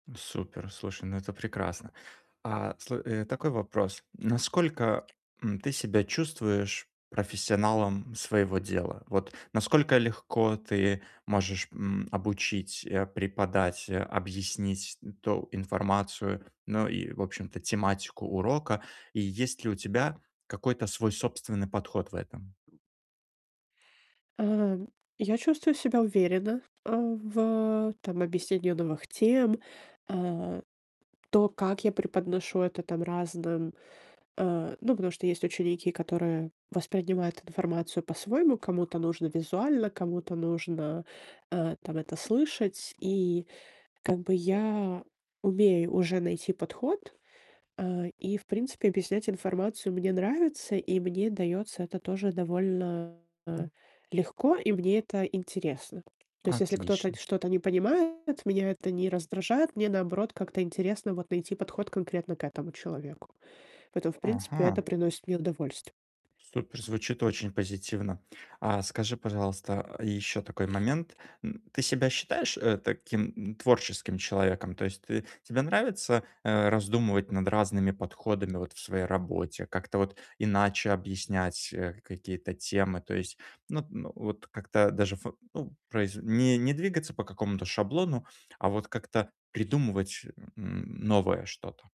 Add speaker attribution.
Speaker 1: Ну супер, слушай, ну это прекрасно. А, сл э, такой вопрос. Насколько, м, ты себя чувствуешь профессионалом своего дела? Вот насколько легко ты можешь, м, обучить, э, преподать, а, объяснить то информацию, ну и, в общем-то, тематику урока, и есть ли у тебя какой-то свой собственный подход в этом?
Speaker 2: Э, я чувствую себя уверенно, э, в там объяснении новых тем, э, то, как я преподношу это, там, разным, э ну, потому что есть ученики, которые воспринимают информацию по-своему, кому-то нужно визуально, кому-то нужно, э, там это слышать. И, как бы я умею уже найти подход, э, и в принципе объяснять информацию мне нравится, и мне даётся это тоже довольно, а, легко, и мне это интересно. То есть если кто-то
Speaker 1: Отлично.
Speaker 2: что-то не понимает, меня это не раздражает, мне наоборот как-то интересно вот найти подход конкретно к этому человеку. Поэтому в принципе это
Speaker 1: Ага.
Speaker 2: приносит мне удовольст
Speaker 1: Супер, звучит очень позитивно. А скажи, пожалуйста, ещё такой момент, м. Ты себя считаешь, э, таким, м, творческим человеком? То есть ты тебе нравится, э, раздумывать над разными подходами вот в своей работе, как-то вот иначе объяснять, э, какие-то темы, то есть, ну, т но вот как-то даже ф ну произ не не двигаться по какому-то шаблону, а вот как-то придумывать, м, новое что-то.